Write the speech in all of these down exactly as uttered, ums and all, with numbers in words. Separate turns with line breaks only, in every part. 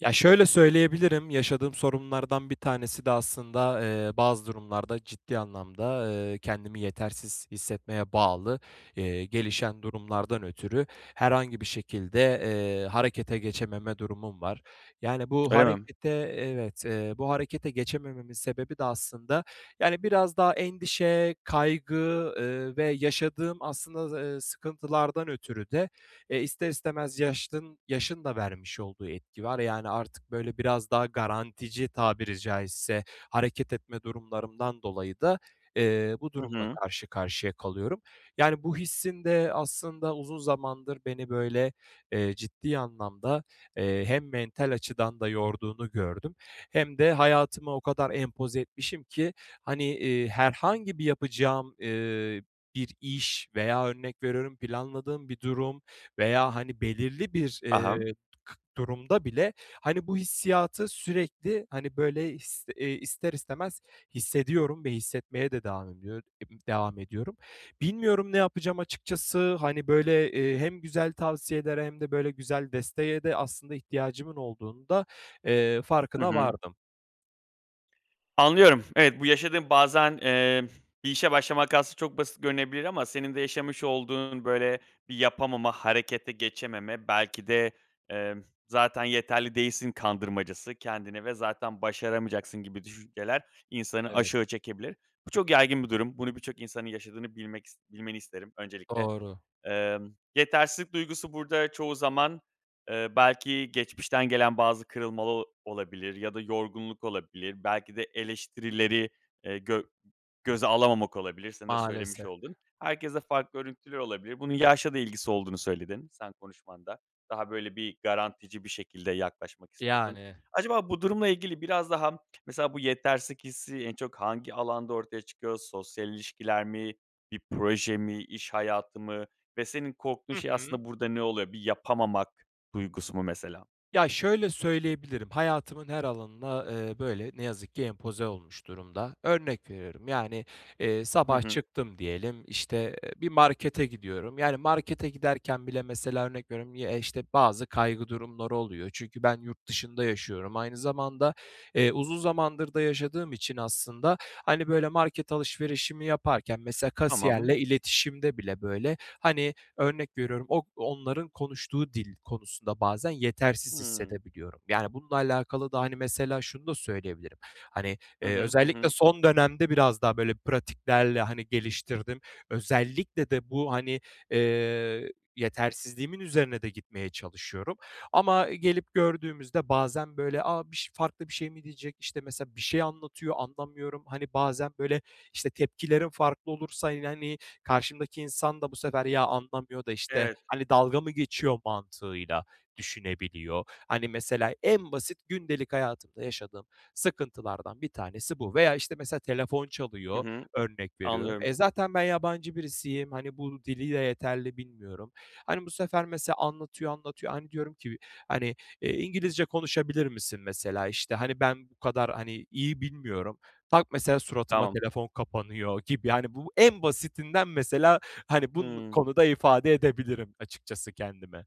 Ya, şöyle söyleyebilirim, yaşadığım sorunlardan bir tanesi de aslında, eee, bazı durumlarda ciddi anlamda, ııı, kendimi yetersiz hissetmeye bağlı, eee, gelişen durumlardan ötürü herhangi bir şekilde, eee, harekete geçememe durumum var. Yani bu
Öyle mi?
harekete, evet, eee, bu harekete geçemememin sebebi de aslında, yani, biraz daha endişe, kaygı, ııı, ve yaşadığım aslında z ııı, sıkıntılardan ötürü de e, ister istemez yaşdın yaşın da vermiş olduğu etki var. Yani, artık, böyle, biraz daha garantici tabiri caizse hareket etme durumlarımdan dolayı da, eee, bu
Hı
durumla
hı.
karşı karşıya kalıyorum. Yani, bu hissin de aslında uzun zamandır beni böyle, eee, ciddi anlamda, eee, hem mental açıdan da yorduğunu gördüm hem de hayatıma o kadar empoze etmişim ki, hani, iii, herhangi bir yapacağım, ııı, bir iş veya örnek veriyorum planladığım bir durum veya, hani, belirli bir,
I hı.
eee, kı durumda bile, hani, bu hissiyatı sürekli, hani, böyle, ist eee, ister istemez hissediyorum ve hissetmeye de devam ediyor devam ediyorum. Bilmiyorum, ne yapacağım açıkçası. Hani, böyle, eee, hem güzel tavsiyelere hem de böyle güzel desteğe de aslında ihtiyacımın olduğunun da, eee,
Hı
farkına
hı.
vardım.
Anlıyorum, evet, bu yaşadığın bazen, emm, bir işe başlamak aslında çok basit görünebilir ama senin de yaşamış olduğun böyle bir yapamama, harekete geçememe belki de, emm, zaten yeterli değilsin kandırmacası kendini ve zaten başaramayacaksın gibi düşünceler insanı
Evet.
aşağı çekebilir. Bu çok yaygın bir durum. Bunu birçok insanın yaşadığını bilmek ist bilmeni isterim öncelikle.
Doğru.
Emm, yetersizlik duygusu burada çoğu zaman, eee, belki geçmişten gelen bazı kırılma ol olabilir ya da yorgunluk olabilir. Belki de eleştirileri, eee, gö göze alamamak olabilir. Senin de söylemiş
Maalesef.
olduğun. Herkeste farklı örüntüler olabilir. Bunun yaşla da ilgisi olduğunu söyledin, sen konuşmanda, daha böyle bir, garantici bir şekilde yaklaşmak istiyorsun.
Yani.
Acaba bu durumla ilgili biraz daha mesela bu yetersizlik hissi en çok hangi alanda ortaya çıkıyor? Sosyal ilişkiler mi? Bir proje mi, iş hayatı mı ve senin korktuğun
Hı
şey
hı.
aslında burada ne olab bir yapamamak duygusu mu mesela?
Ya, şöyle söyleyebilirim, hayatımın her alanına, eee, böyle, ne yazık ki empoze olmuş durumda. Örnek veriyorum: Yani, eee,
Hı
sabah
hı.
çıktım diyelim işte, eee, bir markete gidiyorum. Yani markete giderken bile mesela örnek veriyorum: Ye işte, bazı kaygı durumları oluyor. Çünkü ben yurt dışında yaşıyorum. Aynı zamanda, eee, uzun zamandır da yaşadığım için aslında, hani, böyle, market alışverişimi yaparken, mesela
Tamam.
kasiyerle iletişimde bile, böyle, hani, örnek veriyorum: Ok onların konuştuğu dil konusunda bazen yetersiz
Hıı.
hissedebiliyorum. Yani, bununla alakalı da, hani, mesela şunu da söyleyebilirim, hani,
Hı
eee,
hı. Hı
özellikle
hı.
son dönemde biraz daha böyle pratiklerle, hani, geliştirdim. Özellikle de bu, hani, eee, yetersizliğimin üzerine de gitmeye çalışıyorum. Ama, e, gelip gördüğümüzde bazen böyle, "A, biş farklı bir şey mi diyecek?" işte, mesela, bir şey anlatıyor, anlamıyorum. Hani, bazen, böyle, işte, tepkilerim farklı olursa yine, hani, karşımdaki insan da bu sefer, "Ya, anlamıyor da, işte,
Evet.
hani, dalga mı geçiyor." mantığıyla düşünebiliyor. Hani, mesela, en basit gündelik hayatımda yaşadığım sıkıntılardan bir tanesi bu. Veya, işte, mesela, telefon
Hı
çalıyor,
hı.
örnek veriyorum.
Anlıyorum.
E, zaten ben yabancı birisiyim. Hani, bu dili de yeterli bilmiyorum. Hani, bu sefer mesela anlatıyor anlatıyor. Hani, diyorum ki, hani, "Eee, İngilizce konuşabilir misin?" mesela, işte, "Hani, ben bu kadar, hani, iyi bilmiyorum." Tak, mesela suratıma
Tamam.
telefon kapanıyor gibi. Yani, bu en basitinden mesela, hani, bun
Hımm.
konuda ifade edebilirim açıkçası kendimi.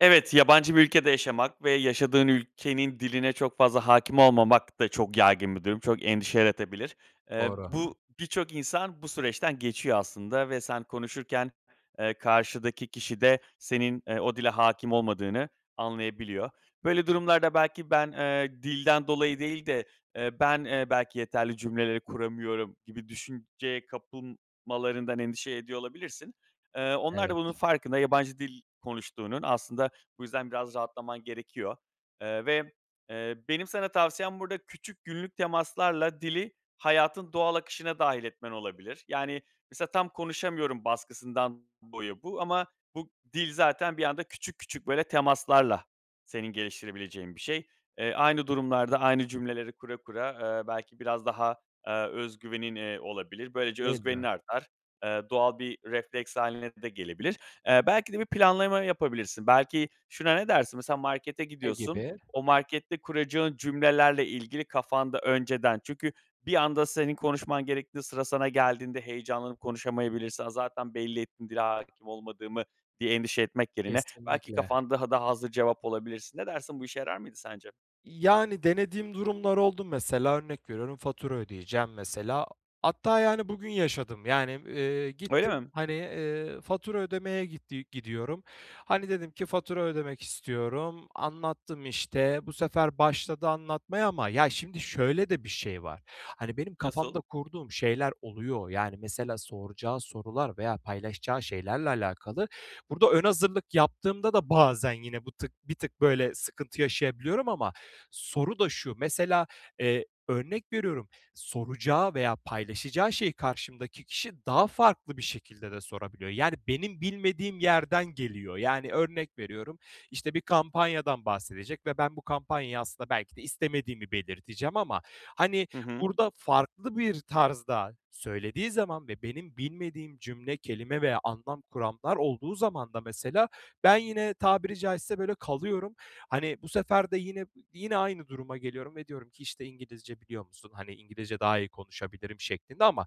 Evet, yabancı bir ülkede yaşamak ve yaşadığın ülkenin diline çok fazla hâkim olmamak da çok yaygın bir durum. Çok endişe yaratabilir. Eee,
Doğru.
bu, birçok insan bu süreçten geçiyor aslında ve sen konuşurken, eee, karşıdaki kişi de senin, eee, o dile hâkim olmadığını anlayabiliyor. Böyle durumlarda belki ben, eee, dilden dolayı değil de, eee, ben, eee, belki yeterli cümleleri kuramıyorum gibi düşünceye kapılmalarından endişe ediyor olabilirsin. Eee, onlar da
Evet.
bunun farkında yabancı dil konuştuğunun, aslında bu yüzden biraz rahatlaman gerekiyor, eee, ve, eee, benim sana tavsiyem burada küçük günlük temaslarla dili hayatın doğal akışına dâhil etmen olabilir. Yani, mesela tam konuşamıyorum baskısından boyu bu ama bu dil zaten bir anda küçük küçük, böyle temaslarla senin geliştirebileceğin bir şey. Eee, aynı durumlarda aynı cümleleri kura kura, eee, belki biraz daha, eee, öz güvenin, eee, olabilir. Böylece öz
Değil
güvenin
mi?
artar. Eee, doğal bir refleks hâline de gelebilir. Eee, belki de bir planlama yapabilirsin. Belki, şuna ne dersin? Mesela markete
Ne
gidiyorsun,
gibi?
o markette kuracağın cümlelerle ilgili kafanda önceden, çünkü bir anda senin konuşman gerektiği, sıra sana geldiğinde heyecanlanıp konuşamayabilirsin, "A, zaten belli ettim dile hâkim olmadığımı." diye endişe etmek yerine belki
Kesinlikle.
kafan daha da hazır cevap olabilirsin. Ne dersin bu işe yarar mıydı sence?
Yani, denediğim durumlar oldu, mesela örnek veriyorum fatura ödeyeceğim, mesela. Hatta, yani, bugün yaşadım, yani, eee,
Öyle
gittim,
mi?
hani, eee, fatura ödemeye gitti gidiyorum. Hani, dedim ki fatura ödemek istiyorum. Anlattım, işte. Bu sefer başladı anlatmaya ama, ya, şimdi, şöyle de bir şey var. Hani, benim
Nasıl?
kafamda kurduğum şeyler oluyor. Yani, mesela soracağı sorular veya paylaşacağı şeylerle alakalı, burada ön hazırlık yaptığımda da bazen yine bu tık bir tık böyle sıkıntı yaşayabiliyorum ama soru da şu, mesela, eee, örnek veriyorum soracağı veya paylaşacağı şeyi karşımdaki kişi daha farklı bir şekilde de sorabiliyor. Yani, benim bilmediğim yerden geliyor. Yani, örnek veriyorum, işte, bir kampanyadan bahsedecek ve ben bu kampanyayı aslında belki de istemediğimi belirteceğim ama, hani,
Hı hı.
burada farklı bir tarzda söylediği zaman ve benim bilmediğim cümle, kelime veya anlam kuramlar olduğu zaman da, mesela, ben yine tabiri caizse böyle kalıyorum. Hani, bu sefer de yine yine aynı duruma geliyorum ve diyorum ki, işte, "İngilizce biliyor musun?" Hani, "İngilizce daha iyi konuşabilirim." şeklinde ama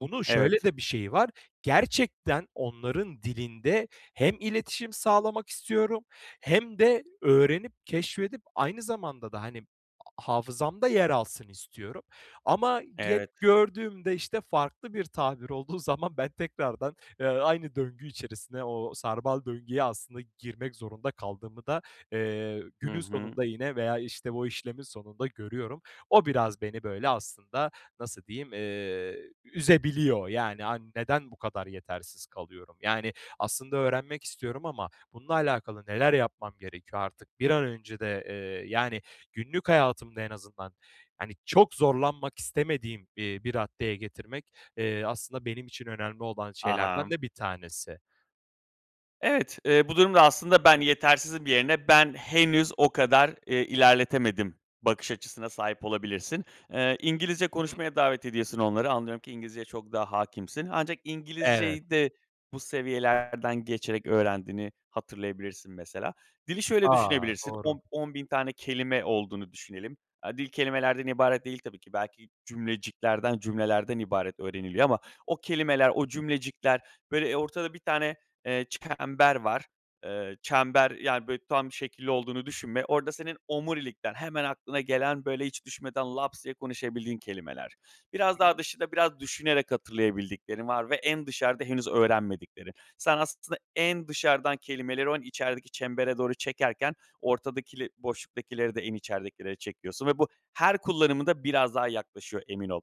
bunun şöyle
Evet.
de bir şeyi var. Gerçekten onların dilinde hem iletişim sağlamak istiyorum hem de öğrenip keşfedip aynı zamanda da, hani, hafızamda yer alsın istiyorum. Ama gel
Evet.
gördüğümde, işte, farklı bir tabir olduğu zaman ben tekrardan, eee, aynı döngü içerisine o sarmal döngüye aslında girmek zorunda kaldığımı da, eee,
Hı
günün
hı.
sonunda yine, veya, işte, o işlemin sonunda görüyorum. O biraz beni, böyle, aslında nasıl diyeyim, eee, üzebiliyor. Yani, hani neden bu kadar yetersiz kalıyorum? Yani, aslında öğrenmek istiyorum ama bununla alakalı neler yapmam gerekiyor artık? Bir an önce de, eee, yani, günlük hayatımda en azından, hani, çok zorlanmak istemediğim, eee, bir raddeye getirmek, eee, aslında benim için önemli olan şeylerden
Aham.
de bir tanesi.
Evet, eee, bu durumda aslında ben yetersizim yerine, ben henüz o kadar, eee, ilerletemedim bakış açısına sahip olabilirsin. Eee, İngilizce
Hı hı.
konuşmaya davet ediyorsun onları. Anlıyorum ki İngilizceye çok daha hâkimsin. Ancak
Evet.
İngilizceyi de bu seviyelerden geçerek öğrendiğini hatırlayabilirsin mesela. Dili şöyle
A!
düşünebilirsin,
Doğru.
on on bin tane kelime olduğunu düşünelim. Aaa, dil kelimelerden ibaret değil tabii ki, belki cümleciklerden, cümlelerden ibaret öğreniliyor ama o kelimeler, o cümlecikler, böyle, eee, ortada bir tane, eee, çember var. Eee, çember, yani, böyle, tam şekilli olduğunu düşünme. Orada senin omurilikten hemen aklına gelen, böyle, hiç düşünmeden laps diye konuşabildiğin kelimeler. Biraz
Hı
daha
hı.
dışında, biraz düşünerek hatırlayabildiklerin var ve en dışarıda henüz öğrenmediklerin. Sen aslında en dışarıdan kelimeleri o, en içerideki çembere doğru çekerken, ortadakile boşluktakileri de en içeridekilere çekiyorsun ve bu her kullanımında biraz daha yaklaşıyor, emin ol.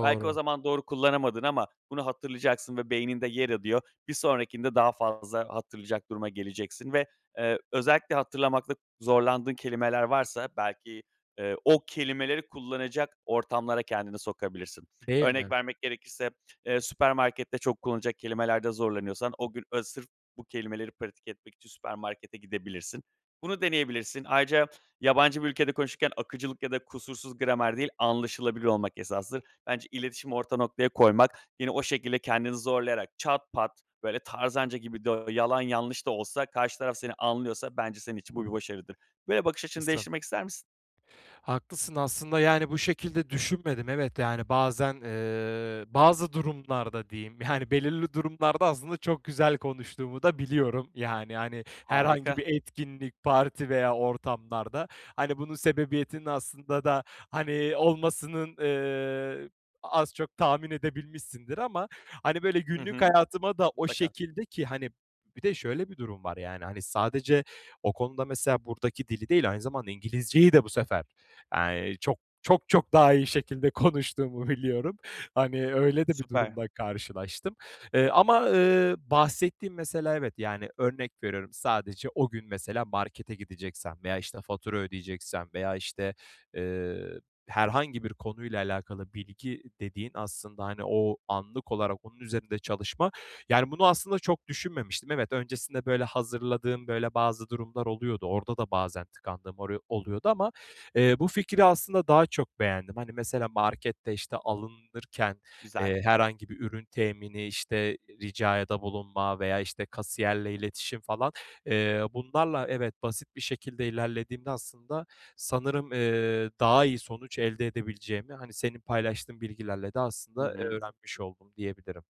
Belki o zaman doğru kullanamadın ama bunu hatırlayacaksın ve beyninde yer adıyor. Bir sonrakinde daha fazla hatırlayacak duruma geleceksin ve, eee, özellikle hatırlamakta zorlandığın kelimeler varsa, belki, eee, o kelimeleri kullanacak ortamlara kendini sokabilirsin.
Değil
Örnek
mi?
vermek gerekirse, eee, süpermarkette çok kullanılacak kelimelerde zorlanıyorsan o gün, eee, sırf bu kelimeleri pratik etmek için süpermarkete gidebilirsin. Bunu deneyebilirsin. Ayrıca yabancı bir ülkede konuşurken akıcılık ya da kusursuz gramer değil, anlaşılabilir olmak esastır. Bence iletişimi orta noktaya koymak, yine o şekilde kendini zorlayarak çat pat, böyle, tarzanca gibi de yalan yanlış da olsa karşı taraf seni anlıyorsa, bence senin için bu bir başarıdır. Böyle bakış açını
Haklısın.
değiştirmek ister misin?
Haklısın. Aslında, yani, bu şekilde düşünmedim, evet, yani. Bazen, eee, bazı durumlarda, diyeyim, yani, belirli durumlarda, aslında, çok güzel konuştuğumu da biliyorum, yani. Hani, herhangi
Harika.
bir etkinlik, parti veya ortamlarda, hani, bunun sebebiyetinin, aslında da, hani, olmasının, eee, az çok tahmin edebilmişsindir. Ama, hani, böyle,
Hı
günlük
hı.
hayatıma da o
Mutlaka.
şekilde ki hani, bir de şöyle bir durum var: Yani, hani, sadece o konuda, mesela, buradaki dili değil, aynı zamanda İngilizceyi de bu sefer, eee, çok çok, çok daha iyi şekilde konuştuğumu biliyorum, hani, öyle de bir
Süper.
durumla karşılaştım. Eee, ama, ııı, bahsettiğim, mesela, evet Yani, örnek veriyorum, sadece o gün, mesela, markete gideceksem veya, işte, fatura ödeyeceksem veya, işte, eee, herhangi bir konuyla alakalı bilgi dediğin aslında, hani, o anlık olarak onun üzerinde çalışma. Yani, bunu aslında çok düşünmemiştim. Evet, öncesinde, böyle, hazırladığım, böyle, bazı durumlar oluyordu. Orada da bazen tıkandığım oru oluyordu ama, eee, bu fikri, aslında, daha çok beğendim. Hani, mesela, markette, işte, alınırken,
Güzel.
eee, herhangi bir ürün temini, işte, ricayada bulunma veya, işte, kasiyerle iletişim falan, eee, bunlarla, evet, basit bir şekilde ilerlediğimde, aslında, sanırım, eee, daha iyi sonuç elde edebileceğimi, hani, senin paylaştığın bilgilerle de
Hı
aslında, eee,
hı.
öğrenmiş oldum diyebilirim.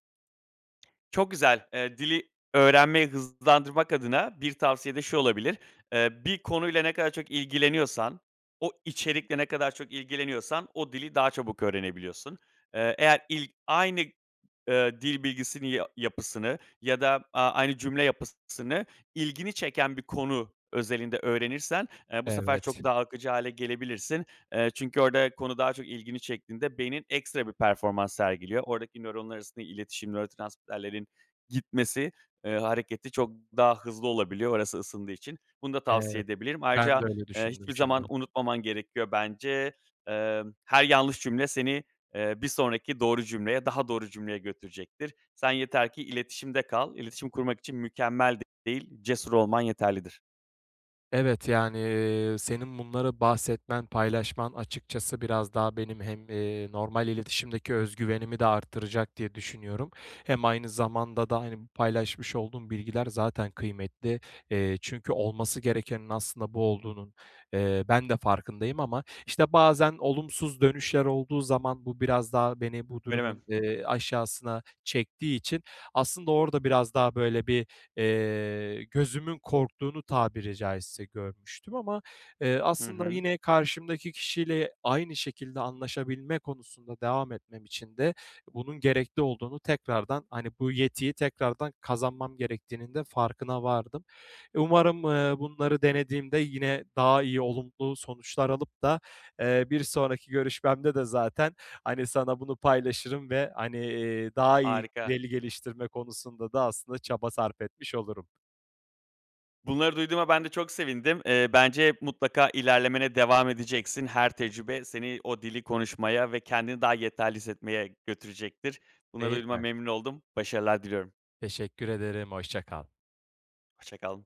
Çok güzel, eee, dili öğrenmeyi hızlandırmak adına bir tavsiye de şu olabilir: Eee, bir konuyla ne kadar çok ilgileniyorsan, o içerikle ne kadar çok ilgileniyorsan, o dili daha çabuk öğrenebiliyorsun. Eee, eğer ilk, aynı, ııı, dil bilgisini ya yapısını, ya da a aynı cümle yapıssını ilgini çeken bir konu özelinde öğrenirsen, eee, bu sefer
Evet.
çok daha akıcı hâle gelebilirsin. Eee, çünkü orada konu daha çok ilgini çektiğinde beynin ekstra bir performans sergiliyor. Oradaki nöronlar arasında iletişim nörotransmitterlerin gitmesi, eee, hareketi çok daha hızlı olabiliyor, orası ısındığı için. Bunu da tavsiye
Evet.
edebilirim.
Ben
Ayrıca,
de öyle
eee,
düşündüm
hiçbir zaman
şimdi.
unutmaman gerekiyor bence. Eee, her yanlış cümle seni, eee, bir sonraki doğru cümleye, daha doğru cümleye götürecektir. Sen yeter ki iletişimde kal, iletişim kurmak için mükemmel değil, cesur olman yeterlidir.
Evet, yani, eee, senin bunları bahsetmen, paylaşman, açıkçası biraz daha benim hem, eee, normal iletişimdeki öz güvenimi de arttıracak diye düşünüyorum. Hem aynı zamanda da, hani, bu paylaşmış olduğun bilgiler zaten kıymetli. Eee, çünkü olması gerekenin aslında bu olduğunun, eee, ben de farkındayım ama, işte, bazen olumsuz dönüşler olduğu zaman, bu biraz daha beni bu
Öyle mi?
durumun, eee, aşağısına çektiği için, aslında orada biraz daha böyle bir, eee, gözümün korktuğunu, tabiri caizse, görmüştüm ama, eee,
Hı
aslında
hı.
yine karşımdaki kişiyle aynı şekilde anlaşabilme konusunda devam etmem için de bunun gerekli olduğunu tekrardan, hani, bu yetiyi tekrardan kazanmam gerektiğinin de farkına vardım. Umarım, eee, bunları denediğimde yine daha iyi olumlu sonuçlar alıp da, eee, bir sonraki görüşmemde de zaten, hani, sana bunu paylaşırım ve, hani, iii, daha iyi
Harika.
veli geliştirme konusunda da aslında çaba sarf etmiş olurum.
Bunları duyduğuma ben de çok sevindim. Eee, bence mutlaka ilerlemene devam edeceksin. Her tecrübe seni o dili konuşmaya ve kendini daha yeterli hissetmeye götürecektir. Bunları
Değil
duyduğuma
mi?
memnun oldum. Başarılar diliyorum.
Teşekkür ederim, hoşça kal.
Hoşça kal.